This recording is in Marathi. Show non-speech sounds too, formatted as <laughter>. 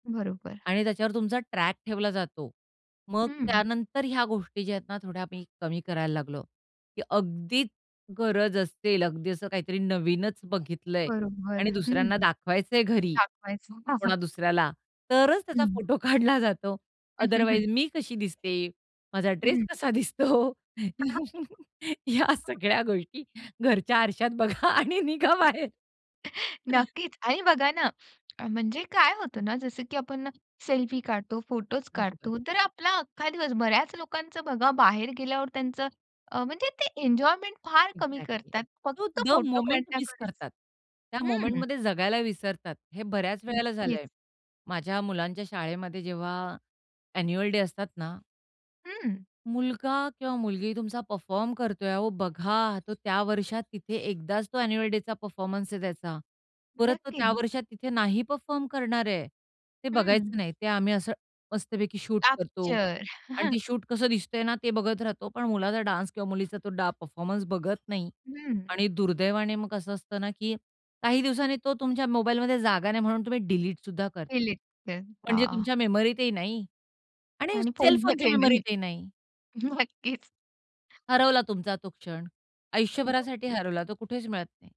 बरोबर. आणि त्याच्यावर तुमचा ट्रॅक ठेवला जातो. मग हं. त्यानंतर ह्या गोष्टी ज्या आहेत ना, थोड्या आम्ही कमी करायला लागलो की अगदीच गरज असेल, अगदी असं काहीतरी नवीनच बघितलंय बरोबर. आणि हं दुसऱ्यांना दाखवायचंय घरी, दाखवायचं. कोणा <chuckles> दुसऱ्याला, तरच त्याचा हं. फोटो काढला जातो. <chuckles> अदरवाईज मी कशी दिसते? माझा ड्रेस हं. कसा दिसतो? या <unintelligible> सगळ्या गोष्टी घरच्या आरशात बघा आणि निघा बाहेर. नक्कीच आणि बघा ना, म्हणजे काय होतं ना, जसं की आपण ना सेल्फी काढतो, फोटोज बरोबर. काढतो, तर आपला अख्खा दिवस बऱ्याच लोकांचं बघा, बाहेर गेल्यावर त्यांचं अ, म्हणजे ते एन्जॉयमेंट फार कमी एक्झॅक्टली. करतात, तो फक्त द फोटो मोमेंट मिस काढण्याकडेच करतात. त्या हं. मोमेंटमध्ये जगायला विसरतात. हे बऱ्याच वेळेला नक्कीच. झालंय माझ्या मुलांच्या शाळेमध्ये जेव्हा ॲन्युअल डे असतात ना. हं. मुलगा किंवा मुलगी तुमचा परफॉर्म करतोय, अहो बघा तो त्या वर्षात तिथे एकदाच तो ॲन्युअल डेचा परफॉर्मन्स आहे त्याचा. परत तो त्या नक्की. वर्षात तिथे नाही परफॉर्म करणार आहे. ते हं. बघायचं नाही, ते आम्ही असं मस्तपैकी शूट करतो कॅप्चर. आणि ते <chuckles> शूट कसं दिसतंय ना ते बघत राहतो. पण मुलाचा डान्स किंवा मुलीचा तो डा परफॉर्मन्स बघत नाही हं. आणि दुर्दैवाने मग कसं असतं ना, की काही दिवसांनी तो तुमच्या मोबाईलमध्ये जागा नाही म्हणून तुम्ही डिलीटसुद्धा करता. डिलीट म्हणजे करता. तुमच्या मेमरीतही नाही आणि आणि सेलफोनच्या फोनमध्येही नाही. मेमरीतही नाही. नक्कीच. हरवला तुमचा तो क्षण, आयुष्यभरासाठी नक्कीच. हरवला. तो कुठेच मिळत नाही.